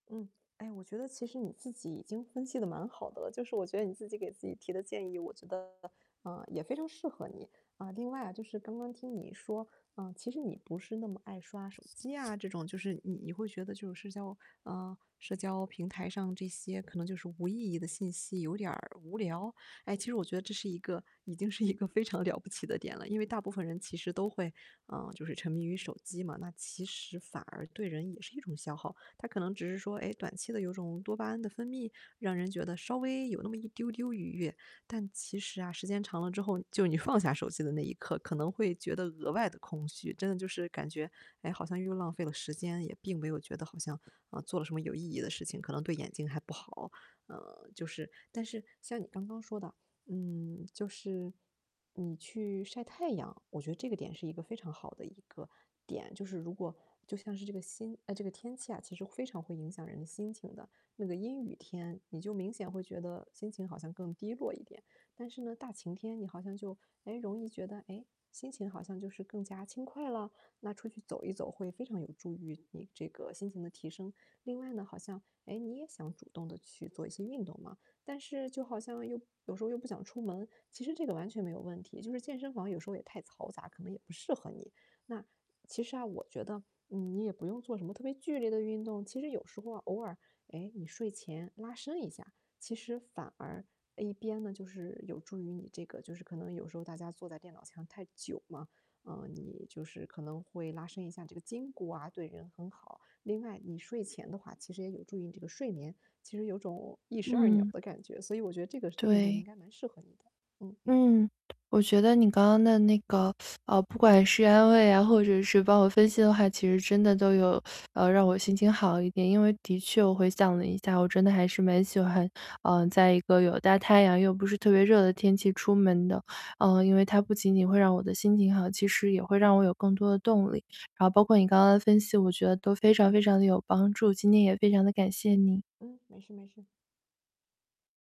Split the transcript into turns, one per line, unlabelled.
嗯，哎，我觉得其实你自己已经分析得蛮好的了，就是我觉得你自己给自己提的建议，我觉得，啊，也非常适合你。啊，另外啊，就是刚刚听你说，啊，其实你不是那么爱刷手机啊这种，就是你你会觉得就是社交嗯，社交平台上这些可能就是无意义的信息有点儿无聊，诶，其实我觉得这是一个已经是一个非常了不起的点了。因为大部分人其实都会，啊，就是沉迷于手机嘛，那其实反而对人也是一种消耗。它可能只是说，诶，短期的有种多巴胺的分泌，让人觉得稍微有那么一丢丢愉悦，但其实啊，时间长了之后，就是你放下手机的那一刻，可能会觉得额外得空虚。真的就是感觉，诶，好像又浪费了时间，也并没有觉得好像，嗯，做了什么有意义的事情，可能对眼睛还不好。嗯，就是但是像你刚刚说的，嗯，就是你去晒太阳，我觉得这个点是一个非常好的一个点。就是如果就像是这个心哎，这个天气啊，其实非常会影响人的心情的。那个阴雨天，你就明显会觉得心情好像更低落一点，但是呢大晴天你好像就，诶，容易觉得，诶，心情好像就是更加轻快了，那出去走一走会非常有助于你这个心情的提升。另外呢，好像，诶，你也想主动地去做一些运动嘛，但是就好像又有时候又不想出门，其实这个完全没有问题，就是健身房有时候也太嘈杂，可能也不适合你。那，其实啊我觉得，嗯，你也不用做什么特别剧烈的运动，其实有时候啊偶尔，诶，你睡前拉伸一下，其实反而，呃，一边呢，就是有助于你这个就是可能有时候大家坐在电脑前太久嘛，嗯，你就是可能会拉伸一下这个筋骨啊对人很好，另外你睡前的话其实也有助于你这个睡眠，其实有种一石二鸟
嗯。
的感觉，所以我觉得这个运动应
对。
该蛮适合你的，嗯。
嗯，我觉得你刚刚的那个，呃，不管是安慰啊，或者是帮我分析的话，其实真的都有，呃，让我心情好一点。因为的确我回想了一下，我真的还是蛮喜欢，呃，在一个有大太阳又不是特别热的天气出门的，嗯，因为它不仅仅会让我的心情好，其实也会让我有更多的动力。然后包括你刚刚的分析，我觉得都非常非常得有帮助，今天也非常地感谢你。
嗯，没事没事。